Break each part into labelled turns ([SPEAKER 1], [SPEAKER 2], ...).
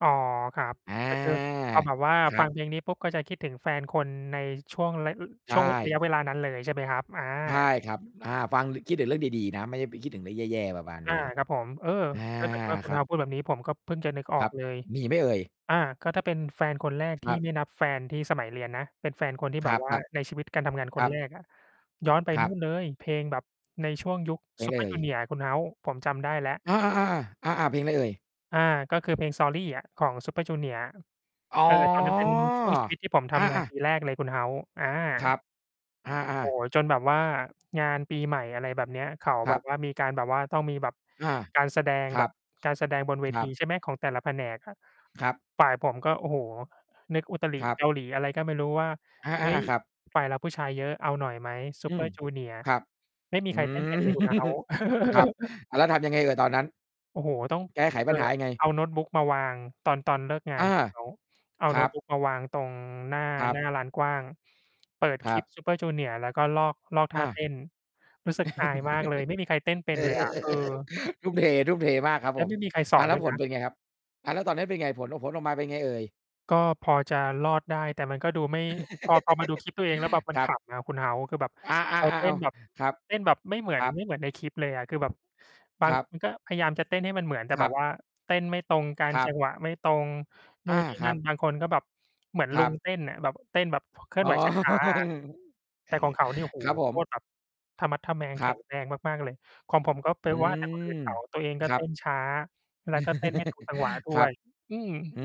[SPEAKER 1] อ๋อ ครับ
[SPEAKER 2] อา
[SPEAKER 1] ก็คือ พอแบบว่า
[SPEAKER 2] คร
[SPEAKER 1] ฟ
[SPEAKER 2] ั
[SPEAKER 1] ั
[SPEAKER 2] บ
[SPEAKER 1] ง เพลง นี้ปุ๊บก็จะคิดถึงแฟนคนในช่วงระ
[SPEAKER 2] ใช
[SPEAKER 1] ช่วง ระย
[SPEAKER 2] ่
[SPEAKER 1] ะเวลานั้นเลยใช่ไหมครับ? อา
[SPEAKER 2] ใช่ครับ อา ฟัง คิดถึงเรื่องดี ๆ นะ ไม่ได้ไปคิดถึงเรื่องแย่ ๆ ประมาณ
[SPEAKER 1] อ
[SPEAKER 2] นี
[SPEAKER 1] า
[SPEAKER 2] ้
[SPEAKER 1] ครับผม เออ
[SPEAKER 2] อา
[SPEAKER 1] ถ้าเกิดว่าคุ
[SPEAKER 2] ค
[SPEAKER 1] ณ
[SPEAKER 2] รับ
[SPEAKER 1] House พูดแบบนี้ ผมก็เพิ่งจะนึกอ
[SPEAKER 2] ค
[SPEAKER 1] อ
[SPEAKER 2] รั
[SPEAKER 1] ก
[SPEAKER 2] บ
[SPEAKER 1] เลย
[SPEAKER 2] มีไหมเอ่ย?
[SPEAKER 1] อา ก็ถ้าเป็นแฟนคนแรก
[SPEAKER 2] ค
[SPEAKER 1] ที
[SPEAKER 2] ร
[SPEAKER 1] ่
[SPEAKER 2] ับ
[SPEAKER 1] ไม่นับแฟนที่สมัยเรียนนะ เป็นแฟนคนที่
[SPEAKER 2] ค
[SPEAKER 1] แบ
[SPEAKER 2] รั
[SPEAKER 1] บ
[SPEAKER 2] บ
[SPEAKER 1] ว่า ใน
[SPEAKER 2] ๆ
[SPEAKER 1] ชีวิตการทำงานค
[SPEAKER 2] คร
[SPEAKER 1] น
[SPEAKER 2] ั
[SPEAKER 1] แ
[SPEAKER 2] บ
[SPEAKER 1] รก อะ ย้อนไป
[SPEAKER 2] คร
[SPEAKER 1] น
[SPEAKER 2] ั
[SPEAKER 1] ู่
[SPEAKER 2] บ
[SPEAKER 1] น เลย เพลงแบบ ในช่วงยุค
[SPEAKER 2] ไปเล
[SPEAKER 1] Super
[SPEAKER 2] ย
[SPEAKER 1] junior คุณ House ผมจำได้แล้ว
[SPEAKER 2] อา ๆ ๆ ๆ อา ๆ เพลงอะไรเอ่ย?
[SPEAKER 1] อา ก็คือเพลง Sorry อะของ Super Junior
[SPEAKER 2] อ๋อ
[SPEAKER 1] เออ ตอนนั้น เป็นช่วงชีวิตที่ผมท
[SPEAKER 2] อ
[SPEAKER 1] ำงาน
[SPEAKER 2] า
[SPEAKER 1] ป
[SPEAKER 2] ๆ
[SPEAKER 1] ีแรกเลยคุณ House อา
[SPEAKER 2] ครับ อา
[SPEAKER 1] โอ้
[SPEAKER 2] ๆ
[SPEAKER 1] โฮ จนแบบว่า งานปีใหม่ อะไรแบบเนี้ย เขา
[SPEAKER 2] ค
[SPEAKER 1] แ
[SPEAKER 2] ร
[SPEAKER 1] บ
[SPEAKER 2] ั
[SPEAKER 1] บ
[SPEAKER 2] บ
[SPEAKER 1] ว่า มีการแบบว่าต้องมีแบบ
[SPEAKER 2] อา
[SPEAKER 1] การแสดง
[SPEAKER 2] คร
[SPEAKER 1] แบ
[SPEAKER 2] ั
[SPEAKER 1] บ
[SPEAKER 2] บ
[SPEAKER 1] การแสดงบนเว
[SPEAKER 2] คร
[SPEAKER 1] ท
[SPEAKER 2] ั
[SPEAKER 1] ี
[SPEAKER 2] บ
[SPEAKER 1] ใช่ไหม ของแต่ละแผนกอะ
[SPEAKER 2] ครับ
[SPEAKER 1] ฝ่ายผมก็ โอ้โฮ นึกอุตริ
[SPEAKER 2] ครับ
[SPEAKER 1] เกาหลีอะไรก็ไม่รู้ว่า
[SPEAKER 2] อา
[SPEAKER 1] "เฮ้ย
[SPEAKER 2] ๆ ๆ ครับ
[SPEAKER 1] ฝ่ายเราผู้ชายเยอะ เอาหน่อยไหม
[SPEAKER 2] อืม
[SPEAKER 1] Super junior"
[SPEAKER 2] ครับ
[SPEAKER 1] ไม่มี
[SPEAKER 2] อื
[SPEAKER 1] ใครเต้น เป็
[SPEAKER 2] ม
[SPEAKER 1] นเลยคุณ House
[SPEAKER 2] ครับ แล้วทำยังไงเอ่ยตอนนั้น?
[SPEAKER 1] โอ้โฮ ต้อง
[SPEAKER 2] แก้ไข
[SPEAKER 1] เอ
[SPEAKER 2] ป
[SPEAKER 1] อ
[SPEAKER 2] ัญหายังไง?
[SPEAKER 1] เอาโน้ตบุ๊คมาวาง ตอน ตอนเลิกงา
[SPEAKER 2] อ
[SPEAKER 1] น
[SPEAKER 2] า
[SPEAKER 1] เขา เอา
[SPEAKER 2] ค
[SPEAKER 1] โ
[SPEAKER 2] ร
[SPEAKER 1] น้
[SPEAKER 2] ั
[SPEAKER 1] ตบ
[SPEAKER 2] บ
[SPEAKER 1] ุ๊กมาวางตรง หน้า
[SPEAKER 2] ครั
[SPEAKER 1] ห
[SPEAKER 2] บ
[SPEAKER 1] น้าลานกว้าง เปิด
[SPEAKER 2] ค
[SPEAKER 1] ค
[SPEAKER 2] ร
[SPEAKER 1] ล
[SPEAKER 2] ั
[SPEAKER 1] ิ
[SPEAKER 2] บ
[SPEAKER 1] ป Super junior แล้วก็ลอก ลอกท
[SPEAKER 2] อ
[SPEAKER 1] ่า
[SPEAKER 2] า
[SPEAKER 1] เต้น รู้สึก อายมากเลย ไม่มีใครเต้นเป็น เลยอะ เออ
[SPEAKER 2] ทุ่มเท ๆ มากครับ
[SPEAKER 1] แล้
[SPEAKER 2] ผ
[SPEAKER 1] ว
[SPEAKER 2] ม
[SPEAKER 1] ไม่มีใครส
[SPEAKER 2] อ
[SPEAKER 1] อ
[SPEAKER 2] า
[SPEAKER 1] น
[SPEAKER 2] แล้
[SPEAKER 1] ด้
[SPEAKER 2] ว
[SPEAKER 1] วย
[SPEAKER 2] ผ
[SPEAKER 1] น
[SPEAKER 2] ล
[SPEAKER 1] ะ
[SPEAKER 2] เป็นไงครับ? อา แล้วตอนนั้นเป็นไง ผล ผลออกมาเป็นไงเอ่ย?
[SPEAKER 1] ก็พอจะรอดได้แต่มันก็ดูไม่ พอ พอมาดูคลิปตัวเอง แล้วแบบมั
[SPEAKER 2] ค
[SPEAKER 1] น
[SPEAKER 2] ร
[SPEAKER 1] ข
[SPEAKER 2] ับ
[SPEAKER 1] ำอะคุณ House คือแบบ
[SPEAKER 2] อา
[SPEAKER 1] เร
[SPEAKER 2] ๆ
[SPEAKER 1] า
[SPEAKER 2] ๆ
[SPEAKER 1] เต
[SPEAKER 2] เอ
[SPEAKER 1] ้
[SPEAKER 2] า
[SPEAKER 1] นแบบ
[SPEAKER 2] ครับ
[SPEAKER 1] เต้นแบบไม่ เหมือ
[SPEAKER 2] ค
[SPEAKER 1] น
[SPEAKER 2] รั
[SPEAKER 1] ไม
[SPEAKER 2] บ
[SPEAKER 1] ่เหมือนในคลิปเลยอะ คือแบบ บ
[SPEAKER 2] ค
[SPEAKER 1] าง
[SPEAKER 2] รับ
[SPEAKER 1] คน ก็พยายามจะเต้นให้มันเหมือน แต่
[SPEAKER 2] คร
[SPEAKER 1] แบ
[SPEAKER 2] ั
[SPEAKER 1] บ
[SPEAKER 2] บ
[SPEAKER 1] ว่า เต้นไม่ตรงกัน
[SPEAKER 2] ครั
[SPEAKER 1] จั
[SPEAKER 2] บ
[SPEAKER 1] งหวะไม่ตรงนู
[SPEAKER 2] อ
[SPEAKER 1] ่
[SPEAKER 2] า
[SPEAKER 1] น นี่
[SPEAKER 2] ค
[SPEAKER 1] น
[SPEAKER 2] รั
[SPEAKER 1] ั่
[SPEAKER 2] บ
[SPEAKER 1] น บางคนก็แบบ เหมือน
[SPEAKER 2] ค
[SPEAKER 1] ล
[SPEAKER 2] ร
[SPEAKER 1] ุ
[SPEAKER 2] ั
[SPEAKER 1] ง
[SPEAKER 2] บ
[SPEAKER 1] เต้นอะ แบบ เต้นแบบ เคลื่
[SPEAKER 2] อ๋
[SPEAKER 1] อนไ
[SPEAKER 2] อ
[SPEAKER 1] หว ช้า ๆ อะ
[SPEAKER 2] เ
[SPEAKER 1] แ
[SPEAKER 2] อ
[SPEAKER 1] ต่
[SPEAKER 2] อ
[SPEAKER 1] ของเขานี่ โอ้โฮ!
[SPEAKER 2] ครับผ
[SPEAKER 1] โค
[SPEAKER 2] ม
[SPEAKER 1] ตรแบบ ทะมัดทะแมง
[SPEAKER 2] ค
[SPEAKER 1] แข
[SPEAKER 2] ร
[SPEAKER 1] ็
[SPEAKER 2] ับ
[SPEAKER 1] งแรงมาก ๆ เลย ของผม ก็ไป
[SPEAKER 2] อื
[SPEAKER 1] ว่าแต่คนอื่น
[SPEAKER 2] ม
[SPEAKER 1] เขา ตัวเองก
[SPEAKER 2] ค
[SPEAKER 1] ็
[SPEAKER 2] ร
[SPEAKER 1] เ
[SPEAKER 2] ั
[SPEAKER 1] ต้
[SPEAKER 2] บ
[SPEAKER 1] นช้าแล้วก็เต้นไม่ ถูก จังหวะด้
[SPEAKER 2] คร
[SPEAKER 1] ว
[SPEAKER 2] ับ
[SPEAKER 1] ย อืม
[SPEAKER 2] อื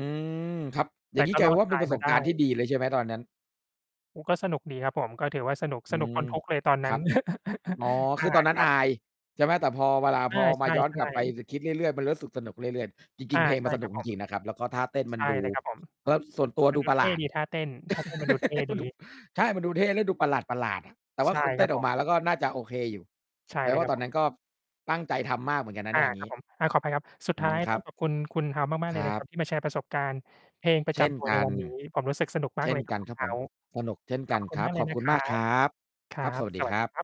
[SPEAKER 2] ม ครับ อ
[SPEAKER 1] แ
[SPEAKER 2] ย่
[SPEAKER 1] ต
[SPEAKER 2] า
[SPEAKER 1] ่
[SPEAKER 2] งงี้
[SPEAKER 1] ก็
[SPEAKER 2] กลา
[SPEAKER 1] ร
[SPEAKER 2] ยเป
[SPEAKER 1] อ
[SPEAKER 2] ็น
[SPEAKER 1] ด
[SPEAKER 2] ว่า
[SPEAKER 1] ต
[SPEAKER 2] เป็น
[SPEAKER 1] าย
[SPEAKER 2] ประส
[SPEAKER 1] มา
[SPEAKER 2] บ
[SPEAKER 1] ได
[SPEAKER 2] การณ์ที่
[SPEAKER 1] ้
[SPEAKER 2] ดีเลยใช่ไหมตอนนั้น?
[SPEAKER 1] อ ก็สนุกดีครับผม ก็ถือว่าสนุก
[SPEAKER 2] อื
[SPEAKER 1] สนุก
[SPEAKER 2] ม
[SPEAKER 1] ปน ทุกข์เลยตอนน
[SPEAKER 2] ค
[SPEAKER 1] ั
[SPEAKER 2] ร
[SPEAKER 1] ้
[SPEAKER 2] ั
[SPEAKER 1] น
[SPEAKER 2] บ อ๋อ
[SPEAKER 1] อ
[SPEAKER 2] คื
[SPEAKER 1] า
[SPEAKER 2] อตอนนั้
[SPEAKER 1] ค
[SPEAKER 2] น
[SPEAKER 1] รั
[SPEAKER 2] อ
[SPEAKER 1] บ
[SPEAKER 2] าย ใช่ไหม? แต่พอ เวลา
[SPEAKER 1] อ
[SPEAKER 2] พ
[SPEAKER 1] า
[SPEAKER 2] อ
[SPEAKER 1] ใ
[SPEAKER 2] มาย้อน
[SPEAKER 1] ช
[SPEAKER 2] ก
[SPEAKER 1] ่
[SPEAKER 2] ลับไป
[SPEAKER 1] ๆ
[SPEAKER 2] จ คิดเรื่อย ๆ มันรู้สึกสนุกเรื่อย ๆ จ
[SPEAKER 1] อ
[SPEAKER 2] ริง
[SPEAKER 1] า
[SPEAKER 2] ๆ เพลง
[SPEAKER 1] ใ
[SPEAKER 2] ม
[SPEAKER 1] ช
[SPEAKER 2] ั
[SPEAKER 1] ่
[SPEAKER 2] นส
[SPEAKER 1] ค
[SPEAKER 2] น
[SPEAKER 1] ร
[SPEAKER 2] ุ
[SPEAKER 1] ั
[SPEAKER 2] ก
[SPEAKER 1] บ
[SPEAKER 2] จ
[SPEAKER 1] ผม
[SPEAKER 2] ริง ๆ นะครับ แล้วก็ท่าเต้นม
[SPEAKER 1] ใ
[SPEAKER 2] ั
[SPEAKER 1] ช
[SPEAKER 2] น
[SPEAKER 1] ่
[SPEAKER 2] ดูู
[SPEAKER 1] เลยครับผม
[SPEAKER 2] ก็ส่วนตัว
[SPEAKER 1] มัน
[SPEAKER 2] ดู
[SPEAKER 1] ดู
[SPEAKER 2] ปร
[SPEAKER 1] เ
[SPEAKER 2] ะ
[SPEAKER 1] ท
[SPEAKER 2] หล
[SPEAKER 1] ่
[SPEAKER 2] าด
[SPEAKER 1] ดี ท่าเต้น ท่าเต้นมันดูเท่ดี
[SPEAKER 2] ดุ ใช่มันดูเท่และดูประหลาด ๆ อะ แต่ว
[SPEAKER 1] ใ
[SPEAKER 2] ่
[SPEAKER 1] ช
[SPEAKER 2] า
[SPEAKER 1] ่
[SPEAKER 2] คนเ
[SPEAKER 1] ค
[SPEAKER 2] ต
[SPEAKER 1] ร
[SPEAKER 2] ้
[SPEAKER 1] ับ
[SPEAKER 2] นอ
[SPEAKER 1] ผ
[SPEAKER 2] อก
[SPEAKER 1] ม
[SPEAKER 2] มาแล้วก็น่าจะโอเคอยู่
[SPEAKER 1] ใช่
[SPEAKER 2] แปล
[SPEAKER 1] เล
[SPEAKER 2] ว
[SPEAKER 1] ย
[SPEAKER 2] ่
[SPEAKER 1] ค
[SPEAKER 2] า
[SPEAKER 1] รั
[SPEAKER 2] ต
[SPEAKER 1] บ
[SPEAKER 2] อน
[SPEAKER 1] ผ
[SPEAKER 2] นั
[SPEAKER 1] ม
[SPEAKER 2] ้นก็ ตั้งใจทำมากเหมือนกันนะ
[SPEAKER 1] อ
[SPEAKER 2] เน
[SPEAKER 1] า
[SPEAKER 2] ี่ย อย่าง
[SPEAKER 1] คร
[SPEAKER 2] ง
[SPEAKER 1] ับ
[SPEAKER 2] ี้
[SPEAKER 1] ผม อา ขออภัยครับ สุด
[SPEAKER 2] อื
[SPEAKER 1] ท้
[SPEAKER 2] ม
[SPEAKER 1] าย
[SPEAKER 2] คร
[SPEAKER 1] ต้
[SPEAKER 2] ั
[SPEAKER 1] อ
[SPEAKER 2] บ
[SPEAKER 1] งขอบคุณ คุณ House มาก ๆ เ
[SPEAKER 2] ค
[SPEAKER 1] ล
[SPEAKER 2] ร
[SPEAKER 1] ย
[SPEAKER 2] ั
[SPEAKER 1] นะค
[SPEAKER 2] บ
[SPEAKER 1] รับ ที่มาแชร์ประสบการณ์เพลงประ
[SPEAKER 2] เช
[SPEAKER 1] จ
[SPEAKER 2] ่น
[SPEAKER 1] ำตัว
[SPEAKER 2] ก
[SPEAKER 1] ใน
[SPEAKER 2] ัน
[SPEAKER 1] วันนี้ ผมรู้สึกสนุก ม
[SPEAKER 2] เช
[SPEAKER 1] าก
[SPEAKER 2] ่
[SPEAKER 1] เล
[SPEAKER 2] น
[SPEAKER 1] ยคร
[SPEAKER 2] ก
[SPEAKER 1] ั
[SPEAKER 2] ั
[SPEAKER 1] บ
[SPEAKER 2] น
[SPEAKER 1] คุ
[SPEAKER 2] คร
[SPEAKER 1] ณ
[SPEAKER 2] ับผม
[SPEAKER 1] House
[SPEAKER 2] สนุกเช่น
[SPEAKER 1] ข
[SPEAKER 2] ก
[SPEAKER 1] อ
[SPEAKER 2] ั
[SPEAKER 1] บ
[SPEAKER 2] น
[SPEAKER 1] พระคุ
[SPEAKER 2] ค
[SPEAKER 1] ณ
[SPEAKER 2] ร
[SPEAKER 1] ม
[SPEAKER 2] ับ
[SPEAKER 1] ากเล
[SPEAKER 2] ขอ
[SPEAKER 1] ย
[SPEAKER 2] บ
[SPEAKER 1] น
[SPEAKER 2] ค
[SPEAKER 1] ะ
[SPEAKER 2] ุ
[SPEAKER 1] ค
[SPEAKER 2] ณ
[SPEAKER 1] ร
[SPEAKER 2] ม
[SPEAKER 1] ั
[SPEAKER 2] ากค
[SPEAKER 1] บ
[SPEAKER 2] รับ
[SPEAKER 1] ครั
[SPEAKER 2] ครับ ส
[SPEAKER 1] บ
[SPEAKER 2] วัส
[SPEAKER 1] ส
[SPEAKER 2] ดี
[SPEAKER 1] วั
[SPEAKER 2] ค
[SPEAKER 1] ส
[SPEAKER 2] ร
[SPEAKER 1] ดี
[SPEAKER 2] ับ
[SPEAKER 1] ครับ